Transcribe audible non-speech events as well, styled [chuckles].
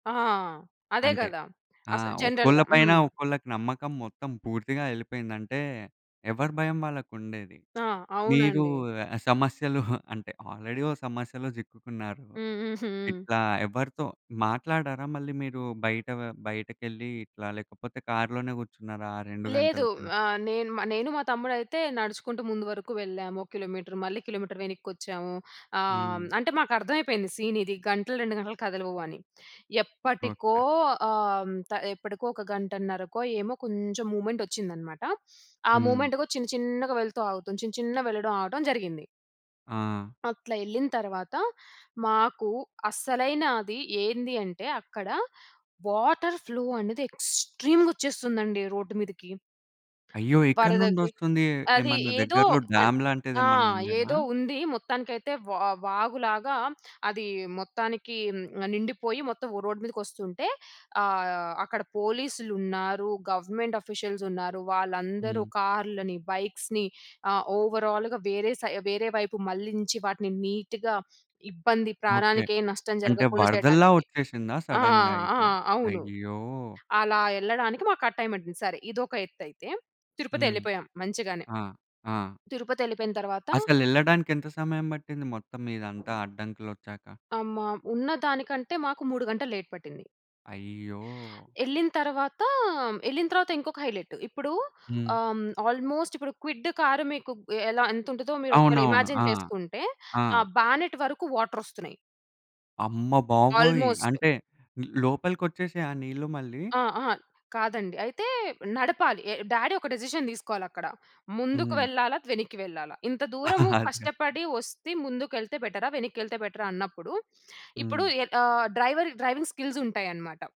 ఆ! అదే అంటే గదా! ఆ! అసలు ఒక్కోళ్ళ జనరల్‌గా. పైన హ్మ్. ఒక్కళ్ళకి నమ్మకం మొత్తం పూర్తిగా యెళ్ళిపోయింది. అంటే, ఎవరి భయం వాళ్ళకుండేది. ఆ! మీరూ అవునండి. ఆహ్, సమస్యలు [giggles] అంటే, ఆల్రెడీ ఓ సమస్యలో జిక్కుకున్నారు. హ్మ్. హుహు. ఇట్లా ఎవ్వరితో మాట్లాడారా మళ్ళీ మీరు బయట వ బయటకెళ్ళి ఇట్లా, లేకపోతే కార్లోనే కూర్చున్నారా ఆ 2 లేదు. గంటలు కూడా? ఆహ్, నేను మ నేను, మా తమ్ముడయితే నడుచుకుంటూ ముందు వరుకు వెళ్ళాము. ఒక కిలోమీటర్. మళ్ళీ కిలోమీటర్. వెనిక్కొచ్చాము. ఆహ్, హ్మ్, హ్మ్. అంటే, మాకర్థమైపోయింది సీనిది, గంటలు, 2 గంటలు కదలవు అని. ఎప్పటికో ఓకే. ఆహ్, త ఎప్పడకో ఒక గంటన్నరకో ఏమో కొంచం మూమెంటొచ్చిందనమాట. ఆ హ్మ్. మూమెంట్ గో చిన్న చిన్నగా వెళ్తూ ఆగుతుం, చిన్న చిన్నగా వెళ్ళడం, ఆగటం జరిగింది. ఆ! అట్లా యెళ్ళిన తర్వాత, మాకు అసలైన అది ఏంది అంటే, అక్కడ వాటర్ ఫ్లో అనేది ఎక్స్‌ట్రీమ్‌గొచ్చేస్తుందండి రోడ్డు మీదకి. అయ్యో! ఎక్కడి వరదకి. నుండొస్తుంది? అది ఏమన్నా ఏదో దగ్గరలో అన్ డ్యామ్ ఆ! లాంటిదేమన్నుండేనా? ఏదో ఉంది. మొత్తానికైతే వా వాగులాగా అదీ మొత్తానికి ఆహ్, నిండిపోయి మొత్తం ఓ రోడ్ మీదకొస్తుంటే, ఆహ్, అక్కడ పోలీసులున్నారు, గవర్నమెంట్ ఆఫీషియల్సున్నారు. వాళ్ళందరూ హ్మ్. కార్‌లని, బైక్స్‌ని ఆహ్ ఓవరాల్‌గా వేరే సై వేరే వైపు మళ్ళించి వాటిని నీట్‌గా, ఇబ్బంది, ఓకే. ప్రాణానికేం నష్టం అంటే, జరగకుండా వరదల్లా చెయడానికి. ఒచ్చేసిందా ఆ! సడన్‌గా ఆ! ఇట్లా? అవును. అయ్యో! అలా యెళ్ళడానికి మాకా టైమట్టింది, సరే. ఇదొక ఎత్తైతే, హ్మ్. తిరుపతెళ్ళిపోయాం మంచిగానే. ఆ! ఆ! తిరుపతెళ్ళిపోయిన తర్వాత అసలెళ్ళడానికెంత సమయం బట్టింది మొత్తం ఇదంతా అడ్డంకులొచ్చాక? అమ్మా! ఉన్నదానికంటే, మాకు 3 గంటలు లేట్ పట్టింది. అయ్యో! యెళ్ళిన తర్వాతా, ఎళ్ళిన తర్వాతా ఇంకొక హైలెటు. ఇప్పుడు హ్మ్. ఆహ్, ఆల్మోస్ట్ ఇప్పుడు క్విడ్డు కారు మీకు ఎలా, ఎంతుంటదో మీరొకవేళ అవునవును. ఇమాజిన్ ఆ! చేసుకుంటే, ఆ! ఆ బ్యానెట్ వరకు వాటరొస్తున్నాయి. అమ్మ బాబోయి! ఆల్మోస్ట్. అంటే, లోపలికొచ్చేసాయా ఆ నీళ్ళు మళ్ళీ? ఆ! ఆ! కాదండి. అయితే, నడపాలి. ఎ డ్యాడీ ఒక డెసిషన్ తీసుకోవాలక్కడ, ముందుకు హ్మ్. వెళ్ళాలా? వెనక్కి వెళ్ళాలా? ఇంత దూరము [chuckles] అదిరా. కష్టపడి ఒస్తే, ముందుకెళ్తే బెటరా, వెనక్కెళ్తే బెటరా అన్నప్పుడు, ఇప్పుడూ హ్మ్. ఎ ఆహ్, డ్రైవర్ డ్రైవింగ్ స్కిల్సుంటాయనమాట.